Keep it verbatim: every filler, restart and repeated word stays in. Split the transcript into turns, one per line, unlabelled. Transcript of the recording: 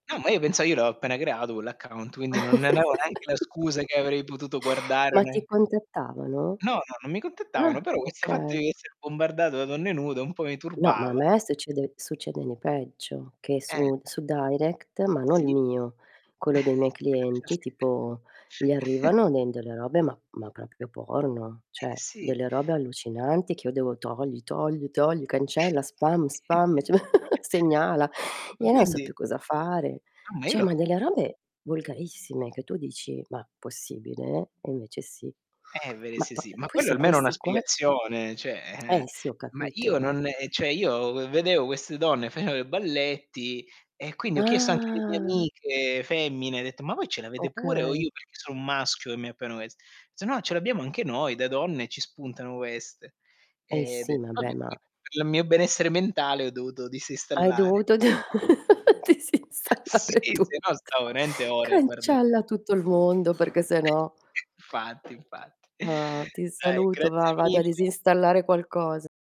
No ma io pensao: "Io l'ho appena creato quell'account." Quindi non ne avevo neanche la scusa che avrei potuto guardare o
Ma ti
ne
contattavano?
No, no, non mi contattavano,
Ah,
però questo fatto
okay.
di esse bombardato da donne nude, un po' mi
No, ma a
turbava.
me succede succede ne peggio, che
Eh.
su su Direct, ma non il
Sì.
mio, quello dei miei clienti, tipo gli
[unintelligible]
arrivano ne delle robe ma ma proprio porno,
Eh,
ceh
sì.
delle robe allucinanti, che io devo: "Togli, togli, togli, cancella, spam, spam."
[unintelligible]
ceh m Segnala.
ma
ia na so
quindi
più cosa fare.
Ah, ma io
ceh ma
lo
delle robe volgarissime, che tu dici: "Ma possibile?" E invece sì.
Eh, veri
Ma
sì,
po
sì.
uhm,
Ma
poi
quello
su
almeno è una
questi qua
spiegazione ceh
Eh,
eh.
sì ho
Ma io
capito, ma
non ehm, ceh io v vedeo queste donne, faceo i balletti e quindi ho chiesto anche alle mie
Ah.
amiche femmine, dett: "Ma voi ce l'avete pure o
Okay.
io perché sono un maschio e mi appaiono quest" "S no ce l'abbiamo anche noi da donne, ci spuntano ueste."
Eh,
E
sì
dett:
ma
"Vabbè"
beh
[unintelligible]
ma
Per il mio benessere mentale ho dovuto
Hai
disinstallare
dovuto d
[unintelligible] Sì,
disinstallare
se
tutto.
no stavo rente ore guarda
Cancella tutto il mondo perché se
[unintelligible]
no.
fatti infatti.
Ah. Ti
Dai,
saluto va,
grazie
vado a
mille.
disinstallare qualcosa.